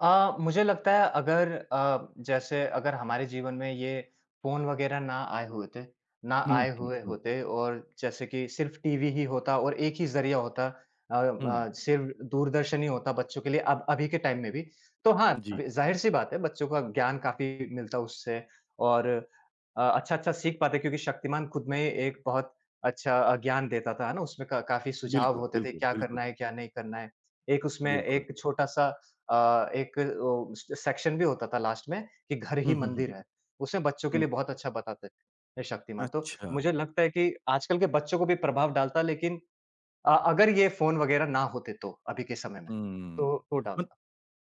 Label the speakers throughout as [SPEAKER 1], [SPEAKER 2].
[SPEAKER 1] अ, मुझे लगता है अगर अ, जैसे अगर हमारे जीवन में ये फ़ोन वग़ैरह ना आए हुए थे ना
[SPEAKER 2] हुँ,
[SPEAKER 1] आए
[SPEAKER 2] हुँ,
[SPEAKER 1] हुए
[SPEAKER 2] हुँ।
[SPEAKER 1] होते और जैसे कि सिर्फ़ टीवी ही होता और एक ही ज़रिया होता अ
[SPEAKER 2] हुँ।
[SPEAKER 1] अ, सिर्फ दूरदर्शन ही होता बच्चों के लिए अब अभी के टाइम में भी तो हाँ,
[SPEAKER 2] जी।
[SPEAKER 1] ज़ाहिर-सी बात है बच्चों का ज्ञान काफ़ी मिलता उससे और अ, अच्छा-अच्छा सीख पाते क्योंकि शक्तिमान खुद में एक बहुत अच्छा अ, ज्ञान देता था ना उसमें क काफ़ी सुझाव
[SPEAKER 2] बिल्कुल,
[SPEAKER 1] होते थे,
[SPEAKER 2] बिल्कुल,
[SPEAKER 1] क्या
[SPEAKER 2] बिल्कुल।
[SPEAKER 1] करना है क्या नहीं करना है? एक उसमें
[SPEAKER 2] बिल्कुल।
[SPEAKER 1] एक छोटा-सा अ, एक ओ, सेक्शन भी होता था लास्ट में कि घर
[SPEAKER 2] हुँ,
[SPEAKER 1] ही
[SPEAKER 2] हुँ, हुँ।
[SPEAKER 1] मंदिर है, उसमें बच्चों के
[SPEAKER 2] हुँ।
[SPEAKER 1] लिए बहुत अच्छा बताते थे शक्तिमान। तो
[SPEAKER 2] अच्छा।
[SPEAKER 1] मुझे लगता है कि आजकल के बच्चों को भी प्रभाव डालता लेकिन अ, अगर ये फ़ोन वग़ैरह ना होते तो, अभी के समय में
[SPEAKER 2] हुँ,
[SPEAKER 1] तो तो
[SPEAKER 2] मत
[SPEAKER 1] डालता।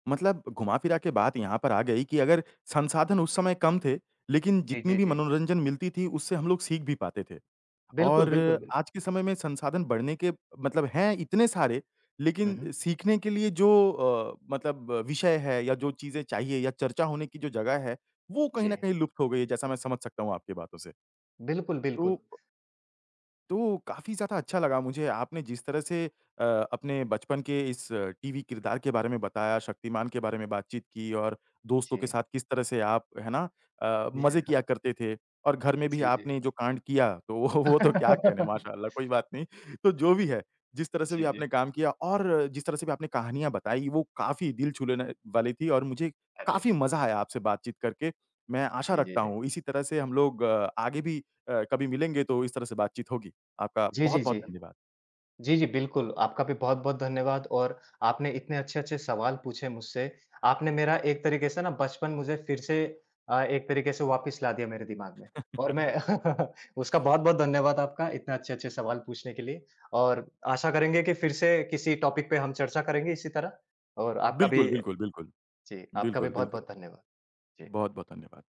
[SPEAKER 2] मतलब घुमा-फिरा के बात यहाँ पर आ गई की अगर संसाधन उस समय कम थे, लेकिन
[SPEAKER 1] जी,
[SPEAKER 2] जितनी
[SPEAKER 1] जी,
[SPEAKER 2] भी
[SPEAKER 1] जी।
[SPEAKER 2] मनोरंजन मिलती थी उससे हम लोग सीख भी पाते थे।
[SPEAKER 1] बिल्कुल,
[SPEAKER 2] और
[SPEAKER 1] बिल्कुल, बिल्क
[SPEAKER 2] आज के समय में संसाधन बढ़ने के मतलब हैं इतने सारे
[SPEAKER 1] हुँ,
[SPEAKER 2] लेकिन
[SPEAKER 1] हुँ।
[SPEAKER 2] सीखने के लिए जो अ, मतलब विषय है या जो चीज़ें चाहिए या चर्चा होने की जो जगह है, वो कहीं न
[SPEAKER 1] जी।
[SPEAKER 2] कहीं लुप्त हो गई है जैसा मैं समझ सकता हूँ आपकी बातों से।
[SPEAKER 1] बिल्कुल,
[SPEAKER 2] तो
[SPEAKER 1] बिल्कुल।
[SPEAKER 2] प तो काफ़ी ज़्यादा अच्छा लगा मुझे आपने जिस तरह से अ, अपने बचपन के इस टीवी किरदार के बारे में बताया, शक्तिमान के बारे में बातचीत की और दोस्तों के
[SPEAKER 1] जी।
[SPEAKER 2] साथ किस तरह से आप, है ना? अ, मज़े किया करते थे और घर में भी
[SPEAKER 1] जी, जी।
[SPEAKER 2] आपने जो कांड किया, तो वो वो तो क्या कहने माशाल्लाह, कोई बात नहीं। तो जो भी है, जिस तरह से भी
[SPEAKER 1] जी,
[SPEAKER 2] आपने
[SPEAKER 1] जी।
[SPEAKER 2] काम किया और जिस तरह से भी आपने कहानियाँ बताई वो काफ़ी दिल छू लेने वाली थी और मुझे
[SPEAKER 1] अरे!
[SPEAKER 2] काफ़ी मज़ा आया आपसे बातचीत करके। मैं आशा
[SPEAKER 1] जी, जी,
[SPEAKER 2] रखता
[SPEAKER 1] जी।
[SPEAKER 2] हूँ इसी तरह से हम लोग अ, आगे भी अ, कभी मिलेंगे तो इस तरह से बातचीत होगी। आपका
[SPEAKER 1] जी, जी,
[SPEAKER 2] बहुत-बहुत
[SPEAKER 1] जी।
[SPEAKER 2] धन्यवाद।
[SPEAKER 1] जी, जी, बिल्कुल, आपका भी बहुत-बहुत धन्यवाद। और आपने इतने अच्छे अच्छे सवाल पूछे मुझसे आपने मेरा एक तरीके से ना बचपन मुझे फिर से अ, एक तरीके से वापिस ला दिया मेरे दिमाग में। और मैं उसका बहुत-बहुत धन्यवाद आपका इतने अच्छे-अच्छे सवाल पूछने के लिए और आशा करेंगे कि फिर से किसी टॉपिक पे हम चर्चा करेंगे इसी तरह। और आपका भी
[SPEAKER 2] बिल्कुल, बिल्कुल, बिल्कुल।
[SPEAKER 1] जी, आपका भी
[SPEAKER 2] बिल्कुल, बिल्कुल,
[SPEAKER 1] बहुत-बहुत धन्यवाद। जी।
[SPEAKER 2] बहुत-बहुत धन्यवाद।